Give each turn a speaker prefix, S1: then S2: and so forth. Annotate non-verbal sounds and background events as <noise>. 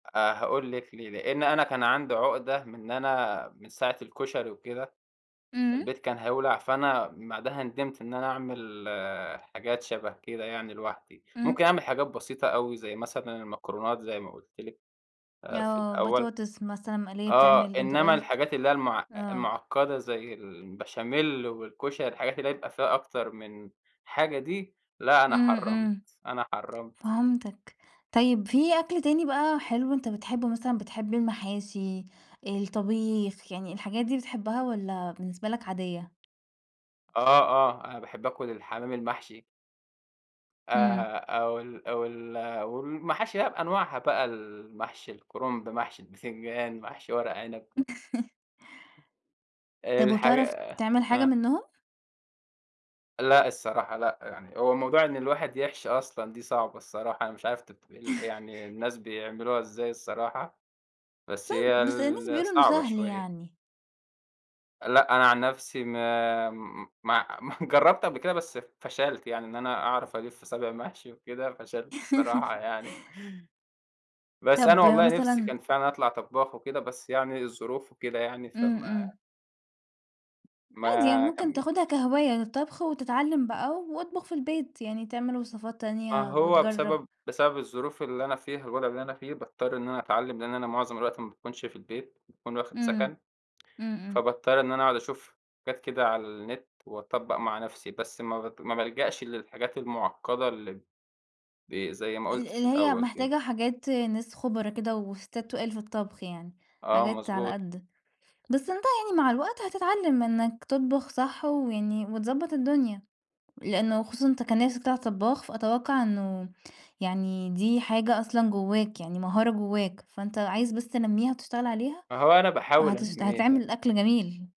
S1: أ هاقول لِك ليه، لأن أنا كان عندي عُقْدة من إن أنا من ساعة الكُشري وكده،
S2: إمم.
S1: البيت كان هيولع فأنا بعدها نِدمْت إن أنا أعمل آآ، حاجات شَبَه كده يعني لوحدي،
S2: إمم.
S1: ممكن أعمل حاجات بسيطة أوي، زي مثلًا المكرونات زي ما قُلت لِك آآ في
S2: آه،
S1: الأول
S2: بطاطس مثلًا مقلية
S1: آه،
S2: بتعمل أنت
S1: إنَّما
S2: قُلت،
S1: الحاجات اللي هي المع
S2: آه.
S1: المعقدة زي البشاميل والكُشري الحاجات اللي هي يبقى فيها أكتر من حاجة دي، لأ، أنا
S2: إمم،
S1: حرَّمت،
S2: إمم
S1: أنا حرَّمت.
S2: فهمتك، طيب في أكل تاني بقى حلو أنت بتحبّه، مثلًا بتحب المحاشي، الطبيخ، يعني الحاجات دي بتحبّها والَّا بالنسبة لك عادية؟
S1: آه، آه، أنا باحب آكُل الحمام المحشي.
S2: إمم.
S1: آآ، أو ال أو ال آآ، والمحاشي بقى بأنواعها بقى، المحشي الكرنب، محشي البِتنجان، محشي ورق عنب.
S2: <laughs> طَب
S1: الحاجة
S2: وبتعرف
S1: آآ،
S2: تعمل حاجة
S1: آه.
S2: منّهم؟
S1: لأ الصراحة، لأ، يعني هو موضوع إن الواحد يحشي أصلًا دي صعبة الصراحة، أنا مش عارف ت ال يعني
S2: <laughs>
S1: الناس بيعملوها إزاي الصراحة، بس هي
S2: طَب بس الناس
S1: ال
S2: بيقولوا إنُّه
S1: صعبة
S2: سهل
S1: شوية.
S2: يعني.
S1: لأ أنا عن نفسي ما ما <laughs> جربت قبل كده بس فشَلت يعني إن أنا أعرف ألِفّ صابع محشي وكده، فشلت الصراحة
S2: <laughs>
S1: يعني. بس أنا
S2: طَب
S1: والله نِفسي
S2: مثلًا
S1: كان فعلًا أطْلع طبّاخ وكده، بس يعني الظروف وكده يعني،
S2: إمم،
S1: فما
S2: إمم. عادي، يعني
S1: ما
S2: ممكن تاخدها
S1: كمّلتش.
S2: كهواية للطبخ، وتتعلّم بقى واطبخ في البيت، يعني تعمل وصفات
S1: ما
S2: تانية
S1: هو
S2: وتجرّب.
S1: بسبب بسبب الظروف اللي أنا فيها، الوضع اللي أنا فيه، باضطّر إن أنا أتعلّم لأن أنا مُعظم الوقت ما باكونش في البيت، باكون واخد
S2: إمم،
S1: سَكَن
S2: إمم، إمم.
S1: فباضطر إن أنا أقعد أشوف حاجات كده على النت، وأطبَّق مع نَفسي، بس ما بت ما بالجأش للحاجات المُعقَّدة ال ب زي ما
S2: ال
S1: قُلت في
S2: اللي هي
S1: الأول كده.
S2: محتاجة حاجات ناس خبرا كده وستّات تُقال في الطبخ يعني،
S1: آه،
S2: حاجات على
S1: مضبوط.
S2: قد بس أنت يعني مع الوقت هتتعلّم إنك تطبخ صح ويعني وتضبّط الدنيا، لأنه خصوصًا أنت كان نِفسك تطْلع طبّاخ، فأتوقّع إنه يعني دي حاجة أصلًا جوّاك، يعني مهارة جوّاك، فأنت عايز بس تنمّيها وتشتغل عليها
S1: ما هو أنا باحاول
S2: هتش
S1: أنمّيها.
S2: هتعمل أكل جميل.